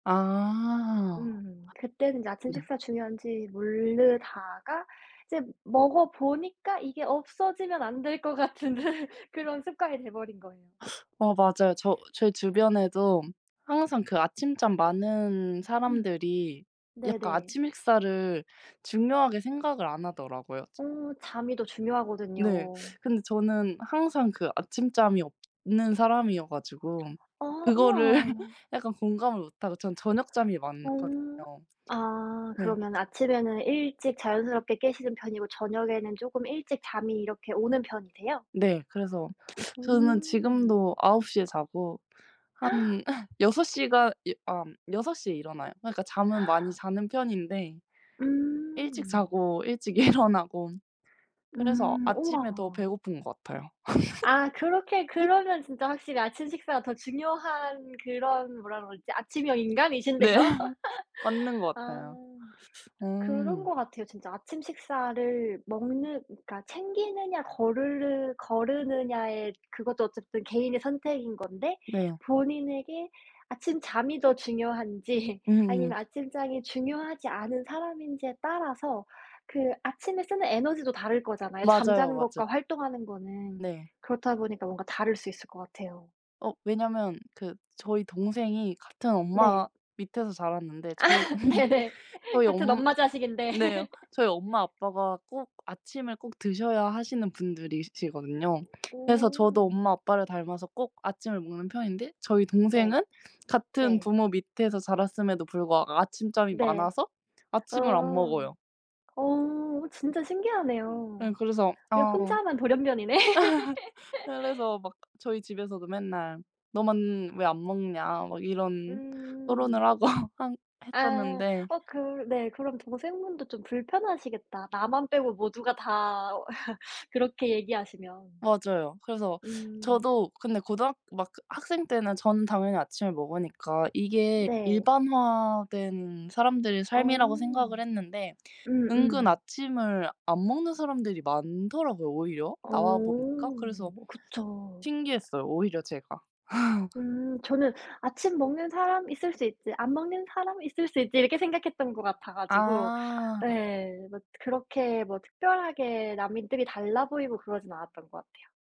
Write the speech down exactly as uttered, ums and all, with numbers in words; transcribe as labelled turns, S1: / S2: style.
S1: 아.
S2: 음. 그때는 이제 아침
S1: 네.
S2: 식사 중요한지 모르다가 이제 먹어 보니까 이게 없어지면 안 될 것 같은 그런 습관이 돼버린 거예요.
S1: 어 맞아요. 저 제 주변에도 항상 그 아침잠 많은
S2: 음.
S1: 사람들이 약간
S2: 네네.
S1: 아침 식사를 중요하게 생각을 안 하더라고요.
S2: 어. 잠이 더
S1: 네.
S2: 중요하거든요.
S1: 근데 저는 항상 그 아침잠이 없는 사람이어 가지고
S2: 아
S1: 그거를
S2: 와.
S1: 약간 공감을 못하고 전 저녁잠이
S2: 어.
S1: 많거든요.
S2: 아
S1: 예.
S2: 그러면 아침에는 일찍 자연스럽게 깨시는 편이고 저녁에는 쪼끔 일찍 잠이 이렇게 오는 편이세요?
S1: 네. 그래서 저는
S2: 음.
S1: 지금도 아홉 시 에 자고 한 여섯 시간 여 엄 여섯 시 에 일어나요. 그러니까 잠은 많이 자는 편인데 일찍
S2: 음.
S1: 자고 일찍 일어나고 그래서
S2: 음
S1: 아침에 더
S2: 와.
S1: 배고픈 것 같아요.
S2: 아 그렇게
S1: 음.
S2: 그러면 진짜 확실히 아침 식사가 더 중요한 그런 뭐라 그러지? 아침형 인간이신데요.
S1: 네. 맞는 것
S2: 아.
S1: 같아요.
S2: 그런
S1: 음.
S2: 것 같아요. 진짜 아침 식사를 먹는 그러니까 챙기느냐 거를르 거르느냐에 그것도 어쨌든 개인의 선택인 건데
S1: 네.
S2: 본인에게 아침잠이 더 중요한지
S1: 음음.
S2: 아니면 아침잠이 중요하지 않은 사람인지에 따라서 그 아침에 쓰는 에너지도 다를 거잖아요,
S1: 맞아요,
S2: 잠자는
S1: 맞아요.
S2: 것과 활동하는 거는.
S1: 네.
S2: 그렇다 보니까 뭔가 다를 수 있을 것 같아요.
S1: 어. 왜냐면 그 저희 동생이 같은 엄마
S2: 네.
S1: 밑에서 자랐는데
S2: 아
S1: 저희
S2: 네네.
S1: 저희
S2: 같은
S1: 엄
S2: 엄마 자식인데.
S1: 네 저희 엄마 아빠가 꼭 아침을 꼭 드셔야 하시는 분들이시거든요. 그래서
S2: 어.
S1: 저도 엄마 아빠를 닮아서 꼭 아침을 먹는 편인데 저희
S2: 네.
S1: 동생은 같은
S2: 네.
S1: 부모 밑에서 자랐음에도 불구하고 아침잠이
S2: 네.
S1: 많아서
S2: 어.
S1: 아침을 안 먹어요.
S2: 어. 어 진짜
S1: 예
S2: 신기하네요.
S1: 그래서
S2: 예
S1: 아
S2: 혼자만 돌연변이네.
S1: 그래서 막 저희 집에서도 맨날 "너만 왜 안 먹냐?" 막 이런 토론을
S2: 음.
S1: 하고 한
S2: 아.
S1: 했었는데.
S2: 어 그 네 그럼 동생분도 좀 불편하시겠다. 나만 빼고 모두가 다 그렇게 얘기하시면.
S1: 맞아요. 그래서
S2: 음.
S1: 저도 근데 고등학 막 그 학생 때는 전 당연히 아침을 먹으니까 이게
S2: 네.
S1: 일반화된 사람들의 삶이라고 생각을
S2: 어.
S1: 했는데 은근
S2: 음음.
S1: 아침을 안 먹는 사람들이 많더라고요, 오히려
S2: 어.
S1: 나와 보니까. 그래서
S2: 어 그쵸.
S1: 신기했어요, 오히려 제가.
S2: 음. 저는 '아침 먹는 사람 있을 수 있지. 안 먹는 사람 있을 수 있지.' 이렇게 생각했던 것 같아 가지고.
S1: 아.
S2: 예. 뭐 트 그렇게 뭐 특별하게 남들이 달라 보이고 그러진 않았던 것 같아요.